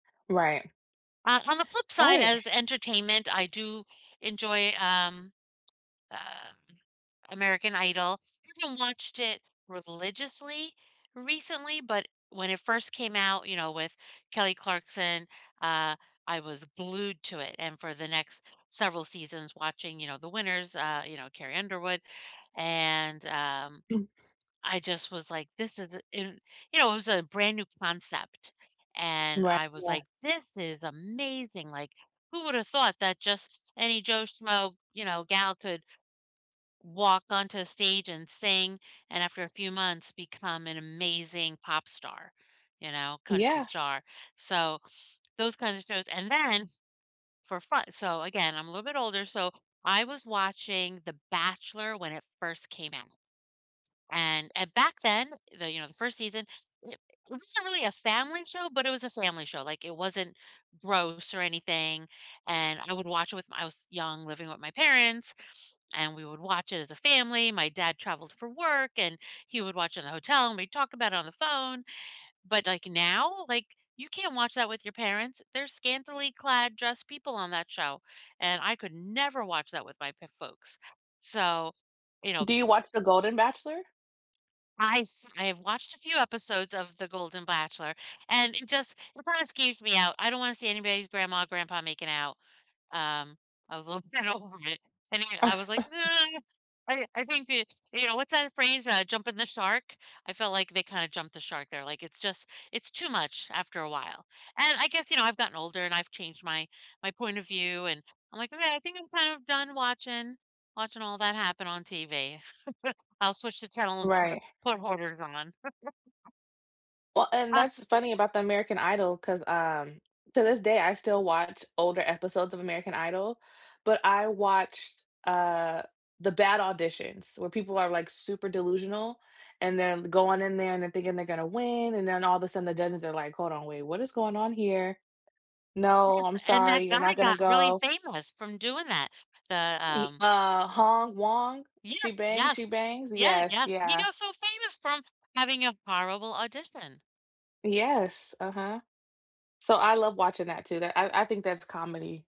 Right. On on the flip side, Right. as entertainment, I do enjoy, um, um, American Idol. I haven't watched it religiously recently, but when it first came out, you know, with Kelly Clarkson, uh, I was glued to it, and for the next several seasons watching, you know, the winners, uh, you know, Carrie Underwood, and, um, I just was like, "his is i" and, you know, it was a brand new concept, and Right, I was, yeah. like, "This is amazing, like, who would've thought that just any Joe Schmoe, you know, gal could walk onto stage and sing and after a few months become an amazing pop star, you know, country Yeah. star." So, those kinds of shows, and then for fu so, again, I'm a little bit older so, I was watching The Bachelor when it first came out. And and back then the, you know, the 1st season, it wasn't really a family show, but it was a family show, like, it wasn't gross or anything and I would watch it with my I was young living with my parents and we would watch it as a family, my dad traveled for work, and he would watch in the hotel and we'd talk about it on the phone, but, like, now, like, you can't watch that with your parents they're scantily clad dressed people on that show, and I could never watch that with my p folks. So, you know Do you watch The Golden Bachelor? I s I have watched a few episodes of The Golden Bachelor, and it just it kinda scares me out I don't wanna see anybody's grandma or grandpa making out, um, I was a little scared of it and, again, I was, like, "No" I didn' I think the you know, what's that phrase? Uh, jumping the shark? I felt like they kinda jumped the shark there, like, it's just it's too much after a while. And I guess, you know, I've gotten older and I've changed my my point of view and I'm, like, "Okay I think I'm kind of done watching watching all that happen on TV. I'll switch to tell 'em put a Right. put hoarders on." Well, and Ah that's funny about the American Idol 'cause, um, to this day I still watch older episodes of American Idol, but I watched, uh, the bad auditions where people are like super delusional and then going in there and they're thinking they're gonna win, and then all of a sudden the judges are like, "Hold on, wait, what is going on here? No, Yes, I'm and that sorry you're guy not gonna got really go." famous from doing that, the, Ee um uh, Hong Wong, "She Yes, Bangs, She yes. Bangs" Yeah. yes. Yes. He Yeah. got so famous from having a horrible audition. Yes, uh-huh. So, I love watching that too that I I think that's comedy.